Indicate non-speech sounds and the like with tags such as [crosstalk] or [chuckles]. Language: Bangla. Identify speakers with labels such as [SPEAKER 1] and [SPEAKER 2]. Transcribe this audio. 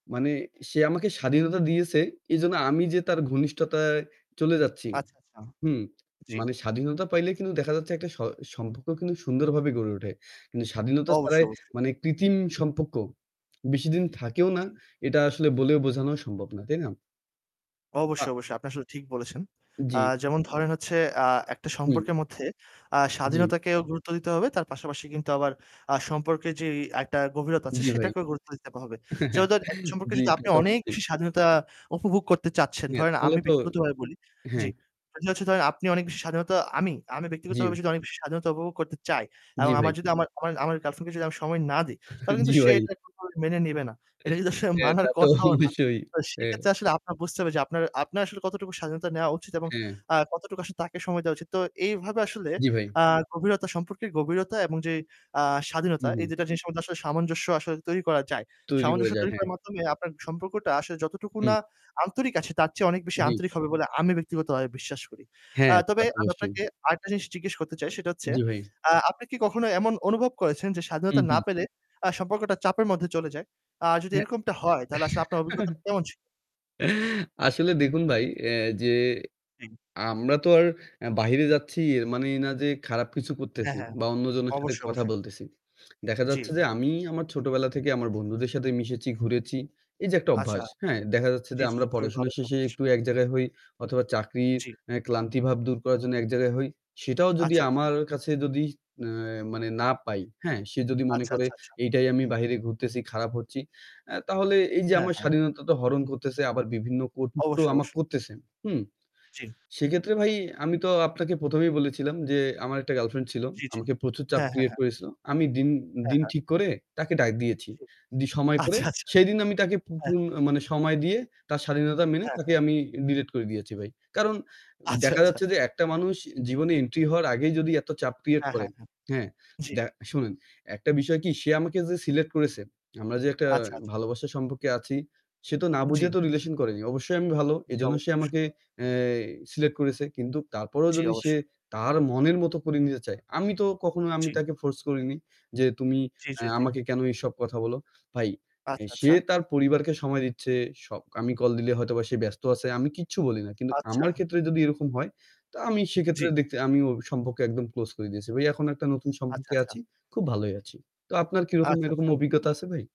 [SPEAKER 1] মানে সে আমাকে স্বাধীনতা দিয়েছে, এজন্য আমি যে তার ঘনিষ্ঠতায় চলে যাচ্ছি,
[SPEAKER 2] আচ্ছা, আচ্ছা।
[SPEAKER 1] হুম? [smacks lips]
[SPEAKER 2] জি।
[SPEAKER 1] মানে স্বাধীনতা পাইলে কিন্তু দেখা যাচ্ছে একটা স সম্পর্ক কিন্তু সুন্দরভাবে গড়ে ওঠে। কিন্তু স্বাধীনতা ছাড়াই
[SPEAKER 2] অবশ্যই, অবশ্যই।
[SPEAKER 1] মানে কৃত্রিম সম্পর্ক [smacks lips] বেশিদিন থাকেও না।
[SPEAKER 2] জি।
[SPEAKER 1] এটা আসলে বলেও বোঝানো সম্ভব না, তাই না? আ
[SPEAKER 2] অবশ্যই, অবশ্যই। আপনি আসলে ঠিক বলেছেন। আ
[SPEAKER 1] জি।
[SPEAKER 2] যেমন ধরেন হচ্ছে আ একটা
[SPEAKER 1] হুম।
[SPEAKER 2] সম্পর্কের মধ্যে আ
[SPEAKER 1] জি।
[SPEAKER 2] স্বাধীনতাকেও গুরুত্ব দিতে হবে তার পাশাপাশি কিন্তু আবার আ সম্পর্কের যেই একটা গভীরতা আছে,
[SPEAKER 1] জি ভাই।
[SPEAKER 2] সেটাকেও গুরুত্ব দিতে হবে। যেমন
[SPEAKER 1] [chuckles]
[SPEAKER 2] ধরেন একটা সম্পর্কে
[SPEAKER 1] জি।
[SPEAKER 2] যদি
[SPEAKER 1] তা
[SPEAKER 2] আপনি
[SPEAKER 1] তো
[SPEAKER 2] অনেক
[SPEAKER 1] অবশ্যই।
[SPEAKER 2] বেশি স্বাধীনতা উপভোগ করতে চাচ্ছেন,
[SPEAKER 1] হ্যাঁ
[SPEAKER 2] ধরেন
[SPEAKER 1] তাহলে
[SPEAKER 2] আমি
[SPEAKER 1] তো
[SPEAKER 2] ব্যক্তিগতভাবে বলি
[SPEAKER 1] হ্যাঁ।
[SPEAKER 2] জি। আমি হচ্ছে ধরেন আপনি অনেক বেশি স্বাধীনতা আমি আমি
[SPEAKER 1] জি।
[SPEAKER 2] ব্যক্তিগতভাবে যদি অনেক বেশি স্বাধীনতা উপভোগ করতে চাই
[SPEAKER 1] জি
[SPEAKER 2] এবং
[SPEAKER 1] ভাই।
[SPEAKER 2] আমার যদি আমার আমার আমার ঐ girlfriend কে যদি আমি সময় না দিই
[SPEAKER 1] [chuckles]
[SPEAKER 2] তাহলে
[SPEAKER 1] জি
[SPEAKER 2] কিন্তু সে
[SPEAKER 1] ভাই।
[SPEAKER 2] এটা কোনভাবেই মেনে নিবে না। এটা যদি আসলে
[SPEAKER 1] হ্যাঁ,
[SPEAKER 2] মানার
[SPEAKER 1] তা তো
[SPEAKER 2] কথাও না।
[SPEAKER 1] অবশ্যই।
[SPEAKER 2] তো
[SPEAKER 1] হ্যাঁ।
[SPEAKER 2] সেক্ষেত্রে আসলে আপনার বুঝতে হবে যে আপনার আপনার আসলে কতটুকু স্বাধীনতা নেওয়া উচিত এবং
[SPEAKER 1] হ্যাঁ।
[SPEAKER 2] আ কতটুকু আসলে তাকে সময় দেওয়া উচিত। তো এইভাবে আসলে
[SPEAKER 1] জি ভাই।
[SPEAKER 2] আ গভীরতা সম্পর্কের গভীরতা এবং যে আ
[SPEAKER 1] হু,
[SPEAKER 2] স্বাধীনতা এই
[SPEAKER 1] হু।
[SPEAKER 2] ২ টা জিনিসের মধ্যে আসলে সামঞ্জস্য আসলে তৈরি করা যায়।
[SPEAKER 1] তৈরি হয়ে
[SPEAKER 2] সামঞ্জস্য
[SPEAKER 1] যায়,
[SPEAKER 2] তৈরি
[SPEAKER 1] হ্যাঁ।
[SPEAKER 2] করার মাধ্যমে আপনার সম্পর্কটা আসলে যতটুকু
[SPEAKER 1] হুম।
[SPEAKER 2] না আন্তরিক আছে তার চেয়ে অনেক বেশি
[SPEAKER 1] জি।
[SPEAKER 2] আন্তরিক হবে বলে আমি ব্যক্তিগতভাবে বিশ্বাস করি। আ
[SPEAKER 1] হ্যাঁ, তা
[SPEAKER 2] তবে
[SPEAKER 1] তো
[SPEAKER 2] আমি
[SPEAKER 1] অবশ্যই।
[SPEAKER 2] আপনাকে আরেকটা জিনিস জিজ্ঞেস করতে চাই, সেটা হচ্ছে
[SPEAKER 1] জি ভাই।
[SPEAKER 2] আ আপনি কি কখনো এমন অনুভব করেছেন যে
[SPEAKER 1] হু,
[SPEAKER 2] স্বাধীনতা না
[SPEAKER 1] হু।
[SPEAKER 2] পেলে আ সম্পর্কটা চাপের মধ্যে চলে যায়? আ যদি
[SPEAKER 1] হ্যা
[SPEAKER 2] এরকমটা হয় তাহলে আসলে আপনার অভিজ্ঞতা
[SPEAKER 1] [chuckles]
[SPEAKER 2] কেমন ছিল?
[SPEAKER 1] আসলে দেখুন ভাই অ্যা যে
[SPEAKER 2] হুম।
[SPEAKER 1] আমরা তো আর অ্যা বাহিরে যাচ্ছি এর মানে এই না যে খারাপ কিছু
[SPEAKER 2] হ্যাঁ,
[SPEAKER 1] করতেছি
[SPEAKER 2] হ্যাঁ।
[SPEAKER 1] বা অন্যজনের সাথে
[SPEAKER 2] অবশ্যই,
[SPEAKER 1] কথা
[SPEAKER 2] অবশ্যই।
[SPEAKER 1] বলতেছি। [smacks lips] দেখা যাচ্ছে যে
[SPEAKER 2] জি।
[SPEAKER 1] আমি আমার ছোটবেলা থেকে আমার বন্ধুদের সাথে মিশেছি, ঘুরেছি। এইযে একটা
[SPEAKER 2] আচ্ছা।
[SPEAKER 1] অভ্যাস, হ্যাঁ? দেখা যাচ্ছে যে
[SPEAKER 2] জি, জি।
[SPEAKER 1] আমরা
[SPEAKER 2] খুবই
[SPEAKER 1] পড়াশুনো
[SPEAKER 2] ভালো একটা
[SPEAKER 1] শেষে
[SPEAKER 2] অভ্যাস।
[SPEAKER 1] একটু এক জায়গায় হই অথবা চাকরির
[SPEAKER 2] জি।
[SPEAKER 1] অ্যা ক্লান্তিভাব দূর করার জন্য এক জায়গায় হই। সেটাও যদি
[SPEAKER 2] আচ্ছা, আচ্ছা।
[SPEAKER 1] আমার কাছে যদি অ্যা মানে না পাই, হ্যাঁ? সে যদি মনে
[SPEAKER 2] আচ্ছা,
[SPEAKER 1] করে,
[SPEAKER 2] আচ্ছা, আচ্ছা।
[SPEAKER 1] "এইটাই আমি বাহিরে ঘুরতেছি, খারাপ হচ্ছি" অ্যা তাহলে এইযে
[SPEAKER 2] হ্যাঁ,
[SPEAKER 1] আমার
[SPEAKER 2] হ্যাঁ।
[SPEAKER 1] স্বাধীনতা তো হরণ করতেছে, আবার বিভিন্ন কটুক্তিও
[SPEAKER 2] অবশ্যই,
[SPEAKER 1] আমাকে
[SPEAKER 2] অবশ্যই।
[SPEAKER 1] করতেছে। হুম?
[SPEAKER 2] জি।
[SPEAKER 1] সেক্ষেত্রে ভাই আমি তো আপনাকে ১ম এই বলেছিলাম যে, "আমার একটা girlfriend ছিল।
[SPEAKER 2] জি, জি।
[SPEAKER 1] আমাকে প্রচুর চাপ
[SPEAKER 2] হ্যাঁ, হ্যাঁ,
[SPEAKER 1] create
[SPEAKER 2] হ্যাঁ।
[SPEAKER 1] করেছিল।" আমি দিন
[SPEAKER 2] হ্যাঁ,
[SPEAKER 1] দিন
[SPEAKER 2] হ্যাঁ।
[SPEAKER 1] ঠিক করে তাকে ডাক দিয়েছি।
[SPEAKER 2] জি।
[SPEAKER 1] দি সময় করে,
[SPEAKER 2] আচ্ছা, আচ্ছা।
[SPEAKER 1] সেদিন আমি তাকে পু
[SPEAKER 2] অ্যা
[SPEAKER 1] পুন আ মানে সময় দিয়ে তার স্বাধীনতা মেনে
[SPEAKER 2] হ্যাঁ,
[SPEAKER 1] তাকে
[SPEAKER 2] হ্যাঁ।
[SPEAKER 1] আমি delete করে দিয়েছি ভাই। কারণ
[SPEAKER 2] আচ্ছা,
[SPEAKER 1] দেখা
[SPEAKER 2] আচ্ছা।
[SPEAKER 1] যাচ্ছে যে একটা মানুষ জীবনে entry হওয়ার আগেই যদি এত চাপ create
[SPEAKER 2] হ্যাঁ,
[SPEAKER 1] করে,
[SPEAKER 2] হ্যাঁ, হ্যাঁ।
[SPEAKER 1] হ্যাঁ?
[SPEAKER 2] জি।
[SPEAKER 1] দ্য শোনেন, একটা বিষয় কি? সে আমাকে যে select করেছে, আমরা যে একটা
[SPEAKER 2] আচ্ছা, আচ্ছা।
[SPEAKER 1] ভালোবাসার সম্পর্কে আছি, সে তো না বুঝে
[SPEAKER 2] জি।
[SPEAKER 1] তো relation করেনি। অবশ্যই আমি ভালো,
[SPEAKER 2] জি,
[SPEAKER 1] এজন্য সে
[SPEAKER 2] অবশ্যই, অবশ্যই।
[SPEAKER 1] আমাকে অ্যা select করেছে। কিন্তু তারপরও
[SPEAKER 2] জি
[SPEAKER 1] যদি সে
[SPEAKER 2] অবশ্যই।
[SPEAKER 1] তার মনের মতো করে নিতে চায়, আমি তো কখনো আমি
[SPEAKER 2] জি।
[SPEAKER 1] তাকে force করিনি যে, "তুমি
[SPEAKER 2] জি,
[SPEAKER 1] এ
[SPEAKER 2] জি, জি।
[SPEAKER 1] আমাকে কেন এসব কথা বলো?" ভাই এ
[SPEAKER 2] আচ্ছা,
[SPEAKER 1] সে
[SPEAKER 2] আচ্ছা।
[SPEAKER 1] তার পরিবারকে সময় দিচ্ছে। স আমি কল দিলে হয়তোবা সে ব্যস্ত আছে। আমি কিচ্ছু বলি না। কিন্তু
[SPEAKER 2] আচ্ছা।
[SPEAKER 1] আমার ক্ষেত্রে যদি এরকম হয়, তা আমি
[SPEAKER 2] জি।
[SPEAKER 1] সেক্ষেত্রে দেখতে আমি ওই সম্পর্ক একদম close করে দিয়েছি। ভাই এখন একটা নতুন
[SPEAKER 2] আচ্ছা,
[SPEAKER 1] সম্পর্কে
[SPEAKER 2] আচ্ছা।
[SPEAKER 1] আছি, খুব ভালোই আছি। তো আপনার কিরকম
[SPEAKER 2] আচ্ছা,
[SPEAKER 1] এরকম
[SPEAKER 2] আচ্ছা।
[SPEAKER 1] অভিজ্ঞতা আছে ভাই?